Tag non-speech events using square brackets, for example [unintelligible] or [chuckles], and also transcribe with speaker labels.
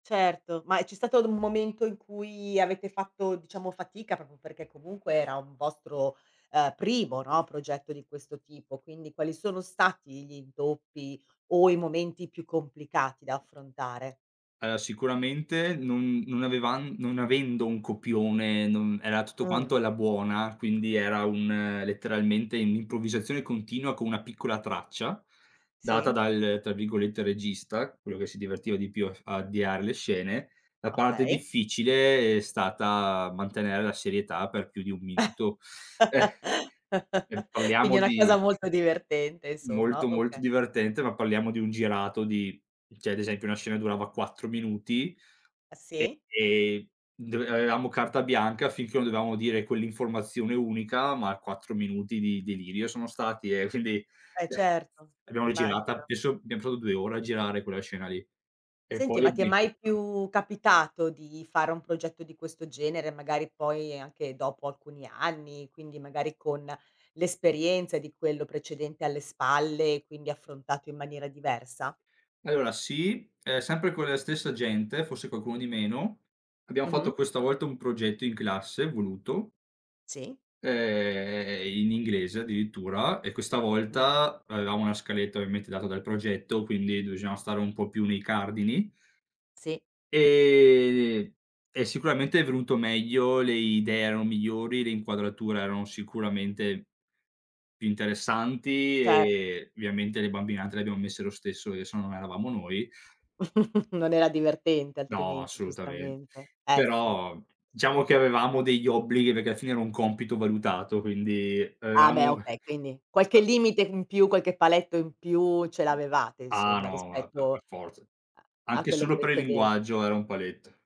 Speaker 1: Certo, ma c'è stato d un momento in cui avete fatto, diciamo, fatica proprio perché comunque era un vostro, ehm, primo, no, progetto di questo tipo, quindi quali sono stati gli intoppi, o i momenti più complicati da affrontare?
Speaker 2: Ehm, sicuramente non non avevan non avendo un copione, non era tutto
Speaker 1: Mh.
Speaker 2: quanto alla buona, quindi, era un letteralmente un'improvvisazione continua con una piccola traccia, data
Speaker 1: Sì.
Speaker 2: dal, tra virgolette, "regista," quello che si divertiva di più a f a avviare le scene; la parte
Speaker 1: Okay.
Speaker 2: difficile è stata mantenere la serietà per più di 1 minuto. Eh,
Speaker 1: [chuckles]
Speaker 2: e
Speaker 1: Quindi
Speaker 2: parliamo
Speaker 1: una cosa
Speaker 2: di
Speaker 1: molto divertente insomma.
Speaker 2: Molto molto
Speaker 1: Oka
Speaker 2: divertente, ma parliamo di un girato di cioè, ad esempio una scena durava 4 minuti,
Speaker 1: Ah, sì?
Speaker 2: e [unintelligible] avevamo carta bianca, finché non dovevamo dire quell'informazione unica, ma 4 minuti di delirio sono stati, ehm, quindi eh,
Speaker 1: Eh, certo,
Speaker 2: l'abbiamo rigirata
Speaker 1: immagino.
Speaker 2: penso abbiam fatto 2 ore a girare quella scena lì. E
Speaker 1: Senti,
Speaker 2: poi
Speaker 1: ma ti è mai
Speaker 2: [unintelligible]
Speaker 1: più capitato di fare un progetto di questo genere? Magari poi anche dopo alcuni anni, quindi magari con l'esperienza di quello precedente alle spalle, e quindi affrontato in maniera diversa?
Speaker 2: Allora sì, ehm, sempre con la stessa gente, forse qualcuno di meno, abbiamo
Speaker 1: Mh-mh.
Speaker 2: fatto questa volta un progetto in classe, voluto
Speaker 1: Sì.
Speaker 2: ehm, in inglese addirittura, e questa
Speaker 1: Mh.
Speaker 2: volta, avevamo una scaletta ovviamente data dal progetto, quindi bisognava stare un po' più nei cardini
Speaker 1: Sì.
Speaker 2: ehm, e sicuramente è venuto meglio, le idee erano migliori, le inquadrature erano sicuramente più interessanti,
Speaker 1: Certo.
Speaker 2: e ovviamente le bambine, anche, le abbiamo messe lo stesso, perché sennò non eravamo noi
Speaker 1: [chuckles] Non era divertente
Speaker 2: No,
Speaker 1: altrimenti,
Speaker 2: assolutament
Speaker 1: giustamente. Eh sì.
Speaker 2: però, diciamo che avevamo degli obblighi, perché alla fine era un compito valutato, quindi
Speaker 1: Ah
Speaker 2: avevamo
Speaker 1: beh,
Speaker 2: [chuckles]
Speaker 1: okay, quindi qualche
Speaker 2: [unintelligible]
Speaker 1: limite in più, qualche paletto in più, ce l'avevate
Speaker 2: Ah
Speaker 1: insomma
Speaker 2: no [unintelligible] per
Speaker 1: rispetto a
Speaker 2: per forza.
Speaker 1: a
Speaker 2: Anche
Speaker 1: quello
Speaker 2: solo per il
Speaker 1: preceden
Speaker 2: linguaggio era un paletto.